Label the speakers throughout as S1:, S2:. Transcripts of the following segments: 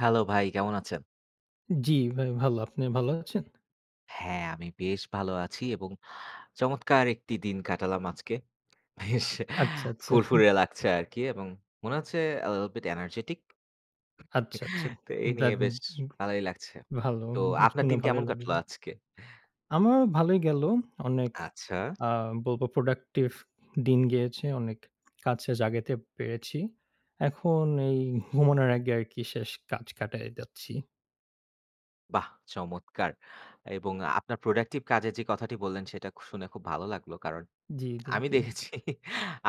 S1: Hello, ভাই কেমন আছেন?
S2: জি, ভাই ভালো। আপনি ভাল আছেন?
S1: হ্যাঁ, আমি বেশ ভালো আছি এবং চমৎকার একটি দিন কাটালাম আজকে। বেশ
S2: আচ্ছা, আচ্ছা।
S1: ফুরফুরে লাগছে আরকি, এবং মনে হচ্ছে আ লিটল বিট এনার্জেটিক।
S2: আচ্ছা, আচ্ছা।
S1: তো এই নিয়ে
S2: দেদ
S1: বেশ
S2: গ
S1: ভালোই লাগছে।
S2: ভালো।
S1: তো
S2: [unintelligible]
S1: আপনার
S2: শুনে
S1: দিন
S2: ভালোই
S1: কেমন কাটলো
S2: লাগলো।
S1: আজকে?
S2: আমার ভালোই গেলো। অনেক
S1: আচ্ছা।
S2: আ বলব প্রোডাক্টিভ দিন গিয়েছে। অনেক কাজ শেষ আগাইতে পেরেছি। এখন এই ঘুমানোর আগে আরকি শেষ কাজ কাটায় যাচ্ছি।
S1: বাহ চমৎকার! এবং আপনার প্রোডাক্টিভ কাজের যে কথাটি বললেন সেটা শুনে খুব ভালো লাগলো। কারন
S2: জি, জি,
S1: আমি
S2: জি।
S1: দেখেছি,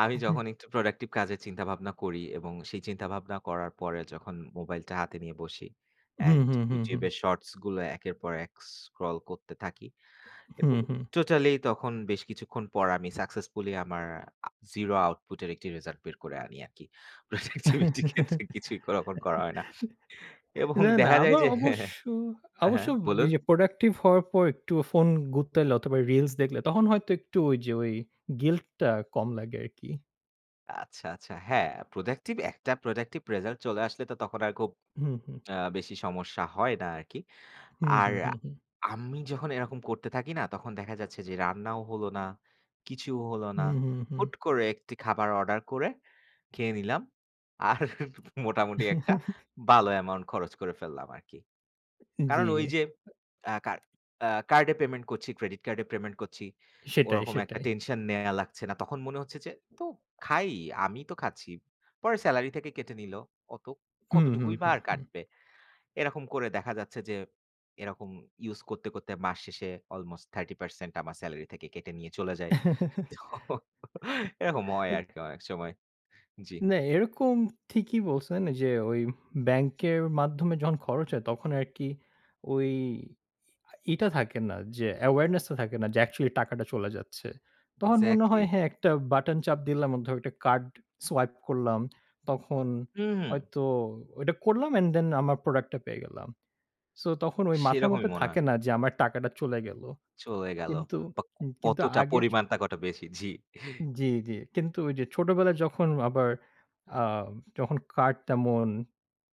S1: আমি
S2: উ হুম।
S1: যখন একটু প্রোডাক্টিভ কাজের চিন্তা-ভাবনা করি এবং সেই চিন্তা-ভাবনা করার পরে যখন মোবাইলটা হাতে নিয়ে বসি।
S2: হুম,
S1: অ্যান্ড
S2: হুম, হুম,
S1: YouTube
S2: হুম।
S1: এর শর্টস গুলো একের পর এক স্ক্রল করতে থাকি এবং
S2: হুম, হুম।
S1: টোটালি তখন বেশ কিছুক্ষণ পর আমি সাকসেসফুলি আমার আ জিরো আউটপুটের একটি রেজাল্ট বের করে আনি আরকি। প্রোডাক্টিভিটি ক্ষেত্রে কিছুই ওরকম করা হয় না। এবং
S2: না, না
S1: দেখা যায়
S2: আমার
S1: যে হ্যাঁ, হ্যাঁ।
S2: অবশ্য
S1: আ
S2: অবশ্য
S1: হ্যাঁ বলুন।
S2: ঐযে প্রোডাক্টিভ হওয়ার পর একটু ফোন গুতাইলে অথবা রিলস দেখলে তখন হয়তো একটু ঐযে ঐ গিল্টটা কম লাগে আরকি।
S1: আচ্ছা, আচ্ছা। হ্যাঁ, productive একটা productive result চলে আসলে তো তখন আর খুব
S2: হুম, হুম।
S1: আ বেশি সমস্যা হয় না আরকি।
S2: হুম,
S1: আর
S2: হুম, হুম, হুম।
S1: আমি যখন এরকম করতে থাকি না, তখন দেখা যাচ্ছে যে রান্নাও হলো না, কিছুও হলো না।
S2: হুম, হুম, হুম।
S1: হুট করে একটি খাবার order করে খেয়ে নিলাম। আর মোটামুটি একটা ভালো amount খরচ করে ফেললাম আরকি। কারণ ওই
S2: জি।
S1: যে আ কা আ card এ payment করছি, credit card এ payment করছি,
S2: সেটাই,
S1: ওরকম একটা
S2: সেটাই।
S1: tension নেয়া লাগছে না। তখন মনে হচ্ছে যে, "তো খাই, আমিই তো খাচ্ছি। পরে salary থেকে কেটে নিলো। কত
S2: হুম, হুম,
S1: কতটুকুই বা
S2: হুম,
S1: আর
S2: হুম।
S1: কাটবে।" এরকম করে দেখা যাচ্ছে যে এরকম use করতে, করতে মাস শেষে almost 30% আমার salary থেকে কেটে নিয়ে চলে যায়। তো এরকম হয় আরকি অনেক সময়। জি।
S2: না, এরকম ঠিকই বলছেন এই যে ওই ব্যাংকের মাধ্যমে যখন খরচ হয় তখন আরকি ওই ই টা থাকে না যে awareness টা থাকে না যে actually টাকাটা চলে যাচ্ছে। তখন মনে হয়
S1: Exactly।
S2: হ্যাঁ, একটা button চাপ দিলাম [unintelligible] একটা card swipe করলাম। তখন
S1: হুম, হুম।
S2: হয়তো ওইটা করলাম and then আমার product টা পেয়ে গেলাম। So, তখন ওই মাথার
S1: সেরকমই
S2: মধ্যে
S1: মনে হয়।
S2: থাকে না যে আমার টাকাটা চলে গেলো।
S1: চলে গেলো
S2: কিন্তু
S1: বা
S2: কিন্তু
S1: কতটা
S2: আগে চ
S1: পরিমাণটা কত বেশি? জি।
S2: জি, জি। কিন্তু ওই যে ছোটবেলায় যখন আবার আ যখন card তেমন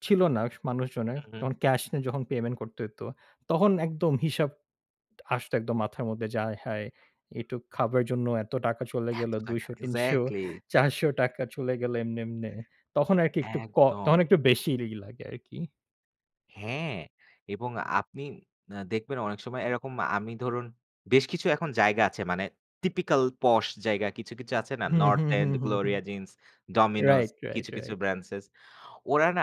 S2: ছিল না স মানুষজনের,
S1: হুম, হুম।
S2: তখন cash এ যখন payment করতে হইতো, তখন একদম হিসাব আসতো একদম মাথার মধ্যে যে, আয়হায় এইটূক খাবার এর জন্য এত টাকা চলে
S1: এত
S2: গেলো ২০০,
S1: টাকা।
S2: ৩০০,
S1: Exactly।
S2: ৳৪০০ চলে গেলো এমনে, এমনে। তখন আরকি একটু ক তখন
S1: একদম।
S2: একটু বেশিই ই লাগে আরকি।
S1: হ্যাঁ, এবং আপনি আ দেখবেন অনেক সময় এরকম আমি ধরুন বেশ কিছু এখন জায়গা আছে মানে typical posh জায়গা কিছু, কিছু আছে না,
S2: হুম,
S1: North
S2: হুম,
S1: End,
S2: হুম, হুম, হুম।
S1: Gloria Jean's, Dominos
S2: right, right,
S1: কিছু, কিছু
S2: রাইট।
S1: branches. ওরা না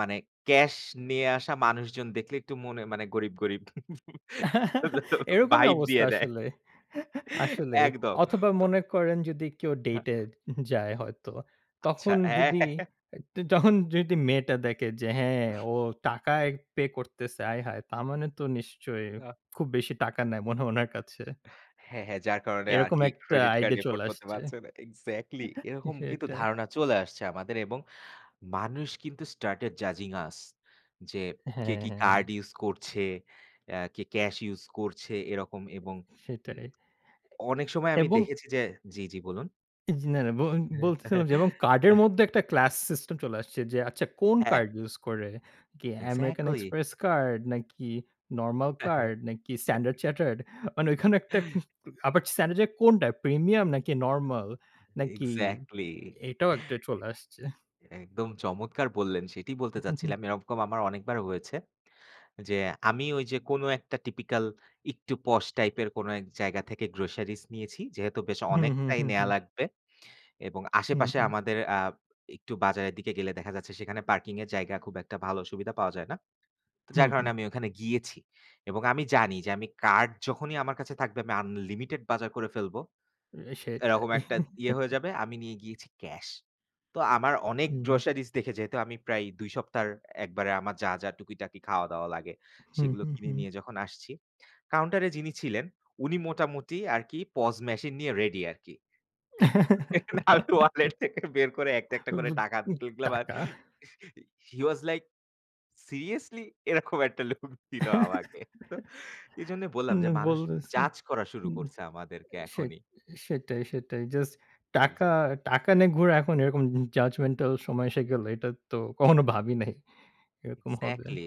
S1: মানে cash নিয়ে আসা মানুষজন দেখলে একটু মনে মানে গরিব, গরিব
S2: এরকমই
S1: vibe
S2: অবস্থা
S1: দিয়ে দেয়।
S2: আসলে। আসলেই।
S1: একদম।
S2: অথবা
S1: তো
S2: মনে করেন যদি কেউ
S1: হ্যাঁ।
S2: date এ যায় হয়তো।
S1: আচ্ছা।
S2: তখন যদি, তখন যদি মেয়েটা দেখে যে হ্যাঁ, ও টাকায় pay করতেছে। আয়! হায়! তার মানে তো নিশ্চয়
S1: আ
S2: খুব বেশি টাকা নেয় মনে হয় উনার কাছে।
S1: হ্যাঁ, হ্যাঁ। যার কারণে
S2: এরকম
S1: আরকি
S2: একটা
S1: credit card
S2: idea চলে
S1: afford করতে
S2: আসছে।
S1: পারছে না। Exactly এরকম কিন্তু
S2: সেটাই।
S1: ধারণা চলে আসছে আমাদের এবং মানুষ কিন্তু started judging us যে
S2: হ্যা,
S1: কে কি
S2: হ্যা, হ্যা।
S1: card use করছে? অ্যা কে cash use করছে? এরকম এবং উম
S2: সেটাই।
S1: অনেক সময় আমি
S2: এবং
S1: দেখেছি যে জি, জি বলুন।
S2: ইজ না, না, বল বলতেছিলাম যে card এর মধ্যে একটা class system চলে আসছে যে আচ্ছা কোন
S1: হ্যাঁ।
S2: card use করে? কি American
S1: Exactly.
S2: Express card নাকি normal card নাকি Standard Chartered মানে ওখানে একটা আবার Standard এর কোনটা premium নাকি normal নাকি
S1: Exactly.
S2: এটাও একটা চলে আসছে।
S1: একদম চমৎকার বললেন সেটাই বলতে চাচ্ছিলাম। এরকম আমার অনেকবার হয়েছে। যে আমি ঐ যে কোন একটা typical একটু posh type এর কোন এক জায়গা থেকে groceries নিয়েছি। যেহেতু বেশ
S2: হুম, হুম,
S1: অনেকটাই
S2: হুম,
S1: নেয়া
S2: হুম।
S1: লাগবে এবং
S2: হুম,
S1: আশেপাশে
S2: হুম।
S1: আমাদের আ একটু বাজারের দিকে গেলে দেখা যাচ্ছে সেখানে parking এর জায়গা খুব একটা ভালো সুবিধা পাওয়া যায় না।
S2: হুম
S1: যার
S2: হুম।
S1: কারণে আমি ওখানে গিয়েছি এবং আমি জানি যে আমি card যখনই আমার কাছে থাকবে আমি unlimited বাজার করে ফেলব।
S2: সেটাই।
S1: এরকম একটা ইয়ে হয়ে যাবে আমি নিয়ে গিয়েছি cash. তো আমার অনেক
S2: হুম, হুম।
S1: groceries দেখে যেহেতু আমি প্রায় ২ সপ্তাহর একবারে আমার যা, যা টুকিটাকি খাওয়া দাওয়া লাগে
S2: হুম,
S1: সেগুলো
S2: হুম,
S1: কিনে
S2: হুম।
S1: নিয়ে যখন আসছি। Counter এ যিনি ছিলেন উনি মোটামুটি আরকি POS machine নিয়ে ready আরকি। আমি wallet থেকে বের করে একটা, একটা করে
S2: বুদ
S1: টাকা
S2: উ
S1: তুললাম আর
S2: টাকা।
S1: he was like seriously এরকম একটা look দিল আমাকে। এজন্য বললাম
S2: উম
S1: যে মানুষ
S2: বলতেছি।
S1: judge করা শুরু
S2: হুম।
S1: করছে আমাদেরকে
S2: সেট
S1: এখনই।
S2: সেটাই, সেটাই। Just টাকা
S1: Exactly.
S2: টাকা নিয়ে ঘোরা এখন এরকম judgmental সময় এসে গেল। এটা তো কখনো ভাবি নাই। এরকম হবে।
S1: Exactly.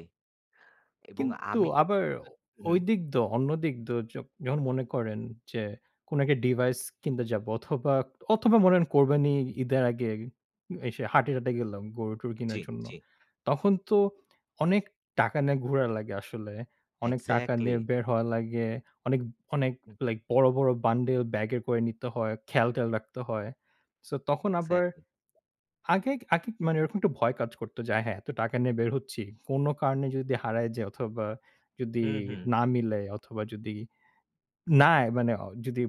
S1: এবং
S2: কিন্তু
S1: আমি
S2: আবার
S1: হুম।
S2: ঐদিক দ অন্য দিক দ য যখন মনে করেন যে কোন একটা device কিনতে যাব অথবা অথবা বলেন কোরবানি ঈদের আগে এসে হাটে-টাটে গেলাম গরু-টরু
S1: জি,
S2: কিনার জন্য।
S1: জি।
S2: তখন তো অনেক টাকা নিয়ে ঘোরা লাগে আসলে। অনেক টাকা নিয়ে
S1: Exactly.
S2: বের হওয়া লাগে। অনেক অনেক
S1: হুম।
S2: like বড়, বড় বান্ডেল ব্যাগের করে নিতে হয়, খেয়াল-টেয়াল রাখতে হয়। So, তখন আবার
S1: Exactly.
S2: আগে আগে মানে ওরকম একটা ভয় কাজ করত যে, "আয় হায়! এত টাকা নিয়ে বের হচ্ছি। কোন কারণে যদি হারায় যায় অথবা যদি
S1: হুম, হুম।
S2: না মিলে অথবা যদি না মানে যদি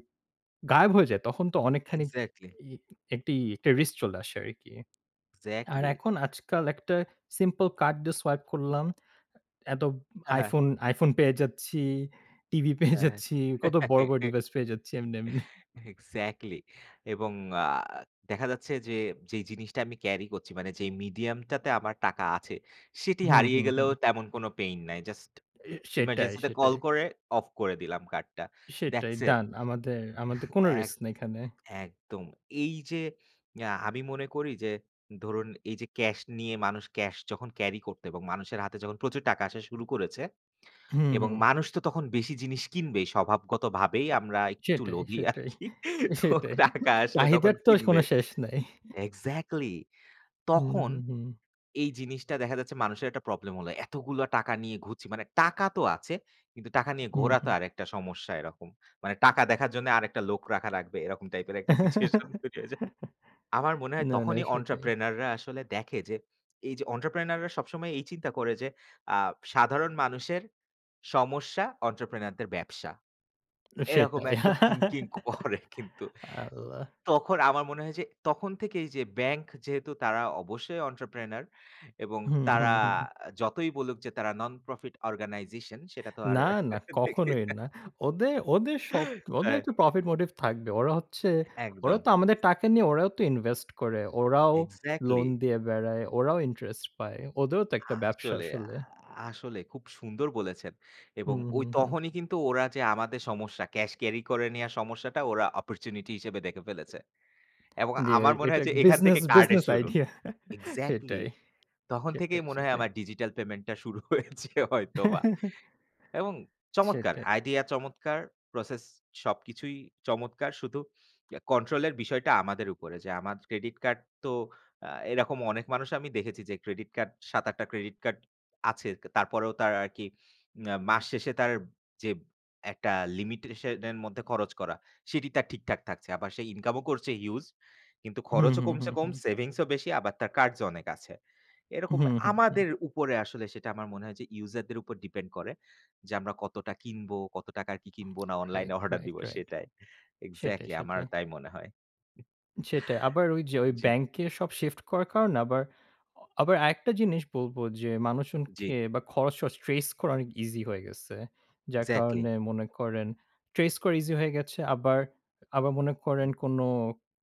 S2: গায়েব হয়ে যায় তখন তো
S1: হুম,
S2: অনেকখানি
S1: Exactly.
S2: ই একটা risk চলে আসে আরকি।" আর
S1: Exactly.
S2: এখন আজকাল একটা simple card দিয়ে swipe করলাম। এত
S1: হ্যাঁ, হ্যাঁ।
S2: iPhone iPhone পেয়ে যাচ্ছি, টিভি পেয়ে
S1: হ্যাঁ,
S2: যাচ্ছি, কত
S1: হ্যাঁ।
S2: বড়, বড় device পেয়ে যাচ্ছি এমনি, এমনি।
S1: Exactly. এবং আ দেখা যাচ্ছে যে যেই জিনিসটা আমি carry করছি মানে যে medium টাতে আমার টাকা আছে। সেটি
S2: হুম,
S1: হারিয়ে
S2: হুম,
S1: গেলেও
S2: হুম।
S1: তেমন কোন pain নাই। Just
S2: এ সেটাই,
S1: emergency তে
S2: সেটাই।
S1: call করে off করে দিলাম card টা।
S2: সেটাই
S1: that's it.
S2: done। আমাদের আমাদের কোন
S1: এক
S2: risk নাই এখানে।
S1: একদম। এই যে আ আমি মনে করি যে ধরুন এই যে cash নিয়ে মানুষ cash যখন carry করত এবং মানুষের হাতে যখন প্রচুর টাকা আসা শুরু করেছে
S2: হুম,
S1: এবং
S2: হুম।
S1: মানুষ তো তখন বেশি জিনিস কিনবে স্বভাবগতভাবেই আমরা একটু
S2: সেটাই,
S1: লোভী
S2: সেটাই,
S1: আরকি। তো
S2: সেটাই।
S1: টাকা আসলে তখন
S2: চাহিদার তো কোন
S1: কিনবে।
S2: শেষ নাই।
S1: Exactly,
S2: হুম,
S1: তখন
S2: হুম, হুম।
S1: এই জিনিসটা দেখা যাচ্ছে মানুষের একটা problem হলো। এতগুলো টাকা নিয়ে ঘুরছি। মানে টাকা তো আছে কিন্তু টাকা নিয়ে
S2: হুম,
S1: ঘোরা তো
S2: হুম।
S1: আরেকটা সমস্যা এরকম। মানে টাকা দেখার জন্য আরেকটা লোক রাখা লাগবে এরকম type এর একটা situation তৈরি হয়ে যায়। আমার মনে হয়
S2: না, না
S1: তখনই
S2: সেটাই।
S1: entrepreneur রা আসলে দেখে যে এই যে entrepreneur রা সবসময় এই চিন্তা করে যে আ সাধারণ মানুষের সমস্যা entrepreneur দের ব্যবসা।
S2: না,
S1: এরকম
S2: সেটাই।
S1: একটা thinking করে কিন্তু।
S2: আল্লাহ।
S1: তখন আমার মনে হয় যে তখন থেকেই যে ব্যাংক যেহেতু তারা অবশ্যই entrepreneur এবং
S2: হুম, হুম,
S1: তারা
S2: হুম।
S1: যতই বলুক যে তারা non profit organization সেটা তো আর
S2: না, না।
S1: দেখি
S2: কখনোই না। ওদের ওদের সব ওদের
S1: হ্যাঁ।
S2: একটা profit motive থাকবে। ওরা হচ্ছে ওরা
S1: একদম
S2: তো আমাদের টাকা নিয়ে ওরাও তো invest করে। ওরাও loan
S1: Exactly.
S2: দিয়ে বেড়ায়, ওরাও interest পায়। ওদেরও তো একটা ব্যবসা
S1: আসলে আ
S2: আসলে।
S1: আসলে খুব সুন্দর বলেছেন। এবং
S2: হুম,
S1: ঐ
S2: হুম, হুম।
S1: তখনই কিন্তু ওরা যে আমাদের সমস্যা cash carry করে নেয়া সমস্যাটা ওরা opportunity হিসেবে দেখে ফেলেছে। এবং
S2: জি, এ
S1: আমার মনে
S2: এটা
S1: হয় যে এখান
S2: business
S1: থেকে কার্ডের
S2: business
S1: শুরু।
S2: idea.
S1: Exactly
S2: সেটাই।
S1: তখন থেকেই
S2: সেটাই,
S1: মনে হয়
S2: সেটাই।
S1: আমার digital payment টা শুরু হয়েছে হয়তো বা। এবং চমৎকার
S2: সেটাই।
S1: idea চমৎকার। Process সবকিছুই চমৎকার। শুধু control এর বিষয়টা আমাদের উপরে। যে আমার Credit card তো আ এরকম অনেক মানুষ আমি দেখেছি যে Credit card ৭-৮ টা Credit card আছে। তারপরেও তার আরকি আ মাস শেষে তার যে একটা limitation এর মধ্যে খরচ করা সেটি তার ঠিকঠাক থাকছে। আবার সে income ও করছে huge কিন্তু
S2: হুম,
S1: খরচও
S2: হুম,
S1: কমছে
S2: হুম,
S1: কম
S2: হুম।
S1: savings ও বেশি আবার তার cards ও অনেক আছে। এরকম
S2: হুম, হুম, হুম।
S1: আমাদের উপরে আসলে সেটা আমার মনে হয় যে user দের উপর depend করে। যে আমরা কতটা কিনবো, কত টাকা কি কিনবো না online
S2: রাইট,
S1: এ order
S2: রাইট,
S1: দিব
S2: রাইট।
S1: সেটাই।
S2: সেটাই,
S1: Exactly আমার
S2: সেটাই।
S1: তাই মনে হয়। উম
S2: সেটাই। আবার ঐ যে ওই
S1: জি।
S2: ব্যাংকে সব shift করার কারণে আবার আ আবার আরেকটা জিনিস বলবো যে
S1: জি।
S2: মানুষজনকে খরচ-টরচ trace করা অনেক easy হয়ে গেছে। যার
S1: Exactly.
S2: কারণে মনে করেন trace করা easy হয়ে গেছে। আবার আবার মনে করেন
S1: হুম।
S2: কোন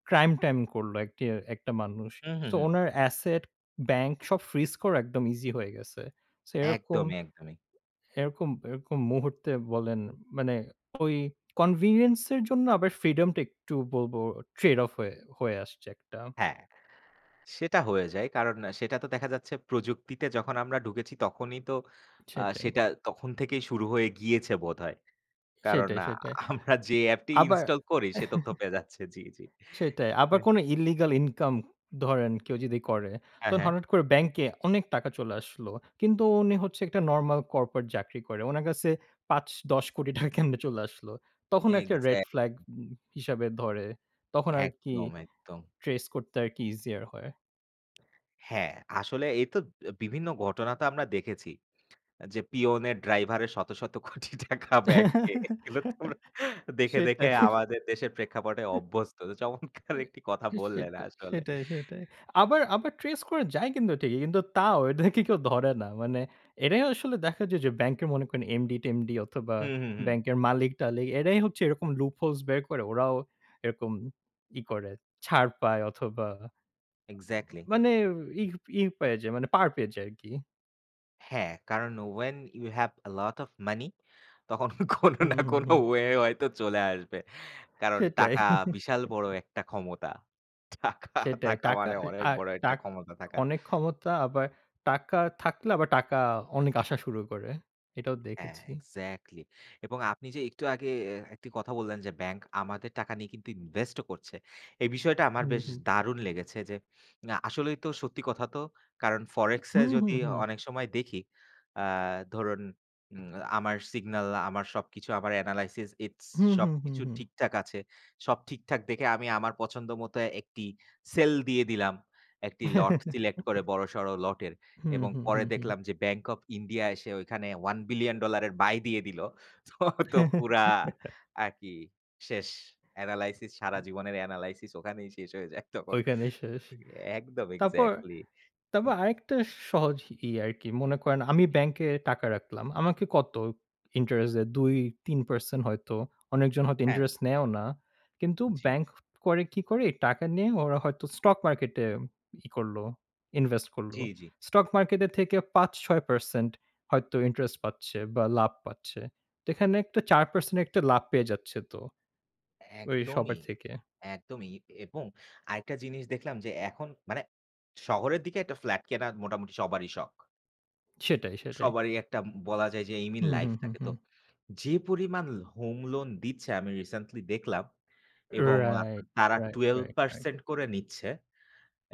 S2: crime time করল একটি একটা মানুষ।
S1: হুম, হুম,
S2: So,
S1: হুম।
S2: ওনার asset ব্যাংক সব freeze করা একদম easy হয়ে গেছে। So, এরকম
S1: একদমই, একদমই।
S2: এরকম এরকম মুহূর্তে বলেন, মানে ওই convenience এর জন্য আবার freedom টা একটু বলবো trade off হয়ে হয়ে আসছে একটা।
S1: হ্যাঁ। সেটা হয়ে যায়। কারণ সেটা তো দেখা যাচ্ছে প্রযুক্তিতে যখন আমরা ঢুকেছি তখনই তো আ
S2: সেটাই।
S1: সেটা তখন থেকেই শুরু হয়ে গিয়েছে বোধহয়। কারণ
S2: সেটাই,
S1: আ
S2: সেটাই
S1: আমরা যে App টি
S2: আবার
S1: install করি সে তথ্য পেয়ে যাচ্ছে। জি, জি।
S2: সেটাই। আবার
S1: হুম।
S2: কোন illegal income ধরেন কেউ যদি করে,
S1: হ্যাঁ,
S2: তখন
S1: হ্যাঁ।
S2: হঠাৎ করে ব্যাংকে অনেক টাকা চলে আসলো। কিন্তু উনি হচ্ছে একটা normal corporate চাকরি করে। উনার কাছে ৳৫, ৳১০ কোটি টাকা কেমনে চলে আসলো। তখন একটা red
S1: Exactly.
S2: flag হিসাবে ধরে। তখন আরকি
S1: একদম, একদম।
S2: trace করতে আরকি easier হয়।
S1: হ্যাঁ, আসলে এইতো অ্যা বিভিন্ন ঘটনা তো আমরা দেখেছি। আ যে পিওনের ড্রাইভারের শত, শত কোটি টাকা ব্যাংকে। এগুলো তো আমরা দেখে, দেখে
S2: সেটাই।
S1: আমাদের দেশের প্রেক্ষাপটে অভ্যস্ত। তো চমৎকার
S2: উম
S1: একটি কথা বললেন
S2: সেটাই,
S1: আসলে।
S2: সেটাই, সেটাই। আবার আবার ট্রেস করা যায় কিন্তু ঠিকই। কিন্তু তাও এদেরকে কেউ ধরে না। মানে এরাই আসলে দেখা যায় যে ব্যাংকে মনে করেন এমডি-টেমডি অথবা
S1: হুম, হুম, হুম।
S2: ব্যাংকের মালিক-টালিক এরাই হচ্ছে এরকম লুপ হোলস বের করে ওরাও এরকম ই করে, ছাড় পায় অথবা আ
S1: এক্সাক্টলি।
S2: মানে ই ই পায়া যায় মানে পার পেয়ে যায় আরকি।
S1: হ্যাঁ, কারণ when you have a lot of money তখন কোনো
S2: হুম,
S1: না
S2: হুম,
S1: কোনো
S2: হুম।
S1: ওয়ে হয়তো চলে আসবে। কারণ
S2: সেটাই।
S1: টাকা বিশাল বড় একটা ক্ষমতা। টাকা
S2: সেটাই।
S1: থাকা
S2: টাকা
S1: মানে
S2: এ
S1: অনেক
S2: আ
S1: বড় একটা
S2: টাক
S1: ক্ষমতা থাকা।
S2: অনেক ক্ষমতা আবার টাকা থাকলে আবার টাকা অনেক আসা শুরু করে। এটাও
S1: হ্যাঁ,
S2: দেখেছি।
S1: এক্সাক্টলি এবং আপনি যে একটু আগে এ একটি কথা বললেন যে ব্যাংক আমাদের টাকা নিয়ে কিন্তু ইনভেস্টও করছে। এই বিষয়টা আমার
S2: হুম,
S1: বেশ
S2: হুম।
S1: দারুণ লেগেছে যে না, আসলেই তো সত্যি কথা তো। কারণ Forex এ
S2: হুম, হুম,
S1: যদি
S2: হুম।
S1: অনেক সময় দেখি আ ধরুন উম আমার সিগনাল আমার সবকিছু আমার এনালাইসিস, ইটস
S2: হুম, হুম, হুম,
S1: সবকিছু
S2: হুম।
S1: ঠিকঠাক আছে। সব ঠিকঠাক দেখে আমি আমার পছন্দ মতো একটি সেল দিয়ে দিলাম। একটি লট সিলেক্ট করে বড়সড় লটের
S2: হুম,
S1: এবং
S2: হুম,
S1: পরে
S2: হুম, হুম।
S1: দেখলাম যে Bank of India এসে ওইখানে $1,00,00,00,000 এর বাই দিয়ে দিল। তো ঐতো পুরা আরকি? শেষ! এনালাইসিস, সারা
S2: হুম।
S1: জীবনের এনালাইসিস ওখানেই শেষ হয়ে যায় তখন।
S2: ঐখানেই শেষ।
S1: একদম
S2: তারপর
S1: এক্সাক্টলি।
S2: তারপর
S1: হুম।
S2: আরেকটা স সহজ ইয়ে আরকি। মনে করেন আমি
S1: হুম।
S2: ব্যাংকে টাকা রাখলাম। আমাকে কত ইন্টারেস্ট দেয় ২-৩% হয়তো। অনেকজন হয়তো
S1: হ্যাঁ।
S2: ইন্টারেস্ট নেয়ও না। কিন্তু
S1: জি।
S2: ব্যাংক করে কি করে? টাকা নিয়ে ওরা হয়তো স্টক মার্কেটে ই করল, ইনভেস্ট করল।
S1: জি, জি।
S2: স্টক মার্কেটের থেকে ৫-৬% হয়তো ইন্টারেস্ট পাচ্ছে বা লাভ পাচ্ছে। তো এখানে একটা ৪% একটা লাভ পেয়ে যাচ্ছে তো। ওই সবার
S1: একদমই,
S2: থেকে।
S1: একদমই। ইক এবং আরেকটা জিনিস দেখলাম যে এখন মানে শহরের দিকে একটা ফ্ল্যাট কেনার মোটামুটি সবারই শখ।
S2: সেটাই, সেটাই।
S1: সবারই একটা উম বলা যায় যে এইম ইন
S2: হুম,
S1: লাইফ
S2: হুম, হুম,
S1: থাকে। তো
S2: হুম।
S1: যে পরিমাণ হোম লোন দিচ্ছে আমি রিসেন্টলি দেখলাম এবং আ তা
S2: রাইট,
S1: তারা
S2: right,
S1: twelve
S2: right, right.
S1: percent করে নিচ্ছে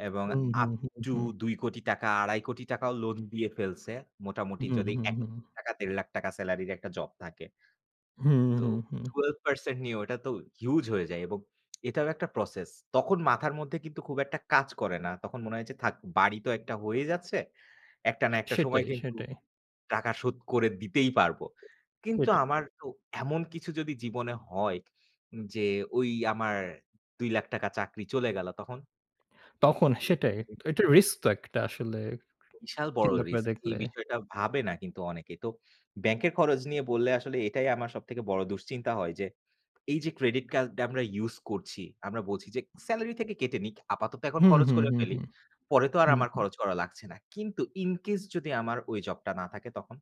S1: এবং
S2: হুম,
S1: আপ
S2: হুম, হুম,
S1: টু
S2: হুম।
S1: ৳২,০০,০০,০০০-৳২,৫০,০০,০০০ ও লোন দিয়ে ফেলছে। মোটামুটি
S2: হুম,
S1: যদি
S2: হুম,
S1: এক
S2: হুম।
S1: লাখ টাকা-দেড় লাখ টাকা সেলারির একটা জব থাকে।
S2: হুম,
S1: তো
S2: হুম, হুম।
S1: 12% নিয়ে ওটা তো হিউজ হয়ে যায় এবং এটারও একটা প্রসেস, তখন মাথার মধ্যে কিন্তু খুব একটা কাজ করে না। তখন মনে হয় যে, "থাক, বাড়ি তো একটা হয়ে যাচ্ছে। একটা
S2: আ
S1: না একটা সময়
S2: সেটাই,
S1: কিন্তু
S2: সেটাই।
S1: টাকা শোধ করে দিতেই পারব।" কিন্তু
S2: সেটা।
S1: আমার তো এমন কিছু যদি জীবনে হয় যে, ঐ আমার ৳২,০০,০০০ চাকরি চলে গেল তখন?
S2: তখন
S1: এ
S2: সেটাই।
S1: এই
S2: এটা রিস্ক তো একটা আসলে।
S1: বিশাল বড়
S2: চিন্তা করে
S1: রিস্ক। এই
S2: দেখলে।
S1: বিষয়টা ভাবে না কিন্তু অনেকে। তো ব্যাংকের খরচ নিয়ে বললে আসলে এটাই আমার সবথেকে বড় দুশ্চিন্তা হয় যে এই যে, ক্রেডিট কার্ড টা আমরা ইউস করছি, আমরা বলছি যে, "সেলারি থেকে কেটে নিক। আপাতত এখন
S2: হু,
S1: খরচ
S2: হু,
S1: করে
S2: হু,
S1: ফেলি।
S2: হু।
S1: পরে তো আর
S2: হু,
S1: আমার
S2: হু।
S1: খরচ করা লাগছে না।" কিন্তু ইন কেস যদি আমার ওই জবটা না থাকে তখন?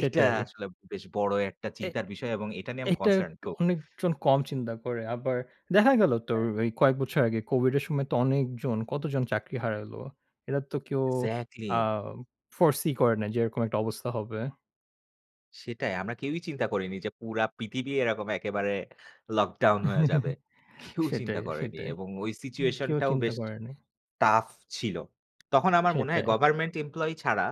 S1: এটা আসলে বেশ বড় একটা
S2: এ
S1: চিন্তার বিষয় এবং এটা নিয়ে আমি
S2: এটা
S1: কনসার্ন
S2: একটু
S1: তো
S2: অনেকজন কম চিন্তা করে। আবার দেখা গেলো তো
S1: হ্যাঁ।
S2: এই কয়েক বছর আগে কোভিডের সময় তো অনেকজন, কতজন চাকরি হারালো। এরা তো কেউ
S1: এক্সাক্টলি।
S2: আ foresee করে নাই যে এরকম একটা অবস্থা হবে।
S1: সেটাই আমরা কেউই চিন্তা করিনি যে পুরা পৃথিবী এরকম একেবারে লকডাউন হয়ে যাবে। কেউ চিন্তা
S2: সেটাই,
S1: করেনি
S2: সেটাই।
S1: এবং ওই
S2: হুম, কেউ
S1: সিচুয়েশনটাও
S2: চিন্তা
S1: বেশ
S2: করেনাই।
S1: tough ছিল। তখন আমার মনে হয়
S2: সেটাই।
S1: গভারমেন্ট এমপ্লয়ি ছাড়া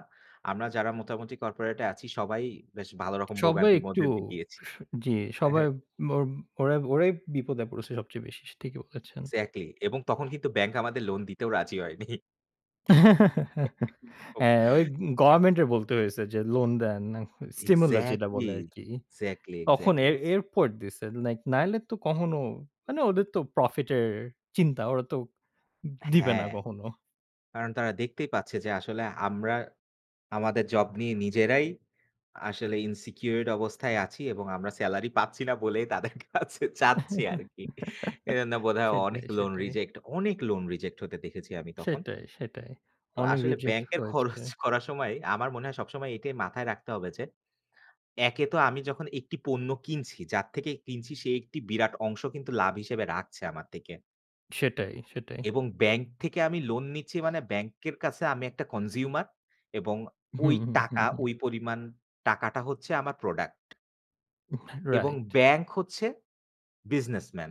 S1: আমরা যারা মোটামুটি কর্পোরেটে আছি সবাই বেশ ভালো রকম
S2: সবাই
S1: ভোগান্তির
S2: একটু
S1: মধ্যে দিয়ে গিয়েছি।
S2: স জি, সবাই ওব ওর ওরাই ওরাই বিপদে পড়েছে সবচেয়ে বেশি। ঠিকই বলেছেন।
S1: এক্সাক্টলি এবং তখন কিন্তু ব্যাংক আমাদের লোন দিতেও রাজি হয়নি।
S2: হ্যাঁ, ওই অগ
S1: [unintelligible]
S2: গভেরমেন্টের বলতে হয়েছে যে লোন দেন, স্টিমুলে যেটা
S1: এক্সাক্টলি,
S2: বলে আরকি।
S1: এক্সাক্টলি,
S2: তখন
S1: এক্সাক্টলি।
S2: এর এরপর দিছে নাই নাইলে তো কখনো মানে ওদের তো প্রফিটের চিন্তা। ওরা তো দ দিবে না
S1: হ্যাঁ।
S2: কখনো।
S1: কারণ তারা দেখতেই পাচ্ছে যে আসলে আমরা আমাদের জব নিয়ে নিজেরাই আসলে insecured অবস্থায় আছি এবং আমরা স্যালারি পাচ্ছি না বলে তাদের কাছে চাচ্ছি আরকি। এজন্য বোধহয়
S2: সেটাই,
S1: অনেক লোন
S2: সেটাই।
S1: রিজেক্ট অনেক লোন রিজেক্ট হতে দেখেছি আমি তখন।
S2: সেটাই, সেটাই,
S1: তো
S2: অনেক
S1: আসলে
S2: রিজেক্ট
S1: ব্যাংকের
S2: হয়েছে।
S1: খরচ করার সময় আমার মনে হয় সবসময় এটাই মাথায় রাখতে হবে যে, একে তো আমি যখন একটি পণ্য কিনছি, যার থেকে কিনছি সে একটি বিরাট অংশ কিন্তু লাভ হিসেবে রাখছে আমার থেকে।
S2: সেটাই, সেটাই।
S1: এবং ব্যাংক থেকে আমি লোন নিচ্ছি মানে, ব্যাংকের কাছে আমি একটা কনসিউমার এবং ঐ
S2: হুম, হুম, হুম,
S1: টাকা
S2: হুম।
S1: ঐ পরিমাণ টাকাটা হচ্ছে আমার প্রোডাক্ট।
S2: উ হ্যাঁ
S1: এবং
S2: রাইট।
S1: ব্যাংক হচ্ছে বিজনেসম্যান।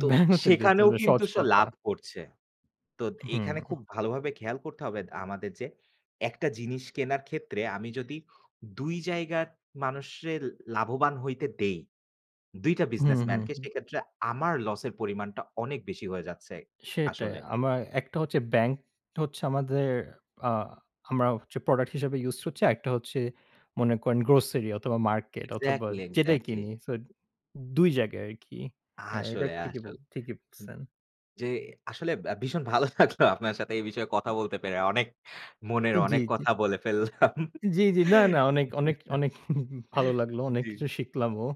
S1: তো
S2: ব্যাংক হচ্ছে বিজনেস
S1: সেখানেও
S2: ভাই।
S1: কিন্তু
S2: সহজ
S1: সে
S2: কথা।
S1: লাভ করছে। তোদ
S2: হুম।
S1: এইখানে খুব ভালোভাবে খেয়াল করতে হবে আমাদের যে একটা জিনিস কেনার ক্ষেত্রে, আমি যদি ২ জায়গার মানুষরে লাভবান হইতে দেই, ২ টা
S2: হুম, হুম,
S1: বিজনেসম্যানকে,
S2: হুম।
S1: সেইক্ষেত্রে আমার লসের পরিমাণটা অনেক বেশি হয়ে যাচ্ছে,
S2: সেটাই।
S1: আসলে।
S2: আমায় একটা হচ্ছে ব্যাংক-টা হচ্ছে আমাদের আ আমরা হচ্ছে প্রোডাক্ট হিসাবে ইউজড হচ্ছি। আরেকটা হচ্ছে মনে করেন গ্রোসারি অথবা মার্কেট অথবা
S1: এক্সাক্টলি,
S2: যেটাই
S1: এক্সাক্টলি।
S2: কিনি। সোদ ২ জায়গায় আরকি। হ্যাঁ, এইটা
S1: আসলে,
S2: ঠিকই
S1: আসলে
S2: বল ঠিকই
S1: হুম।
S2: বলছেন।
S1: জি, আসলে বা ভীষণ ভালো লাগলো আপনার সাথে এই বিষয়ে কথা বলতে পেরে। অনেক মনের
S2: হে জি,
S1: অনেক
S2: জি।
S1: কথা বলে ফেললাম
S2: জি, জি। না, না, অনেক, অনেক, অনেক ভালো লাগলো। অনেক
S1: জি।
S2: কিছু শিখলামও।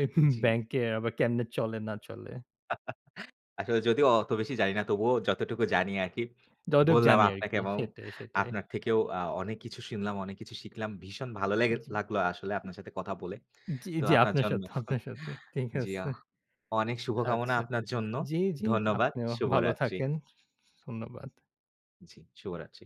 S2: এ
S1: জি।
S2: ব্যাংকে আবার কেমনে চলে না চলে।
S1: আসলে যদিও অত বেশি জানি না তবুও যতটুকু জানি আরকি
S2: যতদূর
S1: বললাম
S2: জানি আর
S1: আপনাকে
S2: কি।
S1: এবং
S2: সেটাই, সেটাই।
S1: আপনার থেকেও আ অনেক কিছু শুনলাম, অনেক কিছু শিখলাম। ভীষণ ভালো লেগে
S2: জি।
S1: লাগলো আসলে আপনার সাথে কথা বলে।
S2: উম জি,
S1: তো
S2: জি
S1: আপনার
S2: আপনার
S1: জন্য
S2: সাথে, আপনার সাথেও। ঠিক
S1: জি, আ
S2: আছে।
S1: অনেক শুভকামনা
S2: আচ্ছা জি।
S1: আপনার জন্য।
S2: জি, জি
S1: ধন্যবাদ।
S2: আপনিও ভালো
S1: শুভরাত্রি।
S2: থাকেন। ধন্যবাদ।
S1: জি, শুভরাত্রি।